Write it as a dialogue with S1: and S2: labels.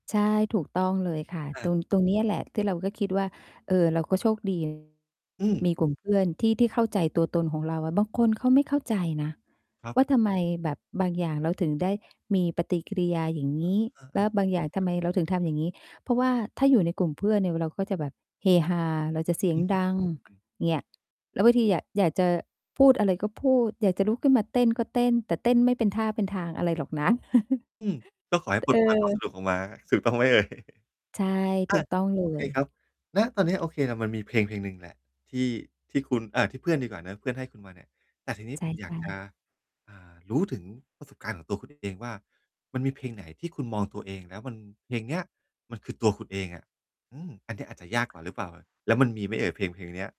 S1: ใช่ ถูกต้องเลยค่ะ
S2: อ
S1: ตร
S2: า
S1: ง ตรงเนี้ยแหละที่เราก็คิดว่า เออ เราก็โชค ดี
S2: อืม
S1: มี กลุ่มเพื่อนที่ ที่เข้าใจตัวตนของเราอะ บางคนเขาไม่เข้าใจนะ
S2: ครับ
S1: ว่าทำไมแบบบางอย่างเราถึงได้ มีปฏิกิริยาอย่างงี้
S2: อา
S1: แล้ว
S2: ๆ
S1: บางอย่างท
S2: ค
S1: ำ
S2: รั
S1: ไ
S2: บ
S1: มเราถึงทำอย่างงี้ เพราะว่าถ้าอยู่ในกลุ่ม เพื่อนเนี่ยเราก็จะแบบเฮฮา เราจะเสีย
S2: อ
S1: ง
S2: ื
S1: ดัง
S2: ม
S1: เงี่ย แล้วบางทีอยา อยากจะพูดอะไรก็พูด อยากจะลุกขึ้นมาเต้นก็เต้น แต่เต้นไม่เป็นท่าเป็นทางอะไรหรอกนะ
S2: อืม ก็ขอให้
S1: ต
S2: ปล
S1: เอ
S2: ด ปล่อย
S1: อ
S2: ความสนุก ออกมา ถูกต้องไหม เอ่ย?
S1: ใช่
S2: อ
S1: ถู
S2: า
S1: กต้อง เ
S2: โอเ
S1: ล
S2: ค
S1: ย
S2: ครับ ณ ตอนเนี้ย โอเคแหละมันมีเพลง ๆ หนึ่งแหละที่ ที่คุณ อา ที่เพื่อนดีกว่าเนาะ เพื่อนให้คุณมาเนี่ย แต่ทีนี้
S1: ใช
S2: ผ
S1: ่
S2: มอย
S1: ใช
S2: ากจะ
S1: ่
S2: อ่า รู้ถึงประสบการณ์ของตัว คุณ เองว่า มันมีเพลงไหนที่คุณมองตัวเองแล้วมัน เพลงเนี้ยมันคือตัวคุณเองอะ อือ อันเนี้ยอาจจะยากกว่าหรือเปล่าอะ แล้วมันมีไหมเอ่ยเพลง ๆ เนี้ย?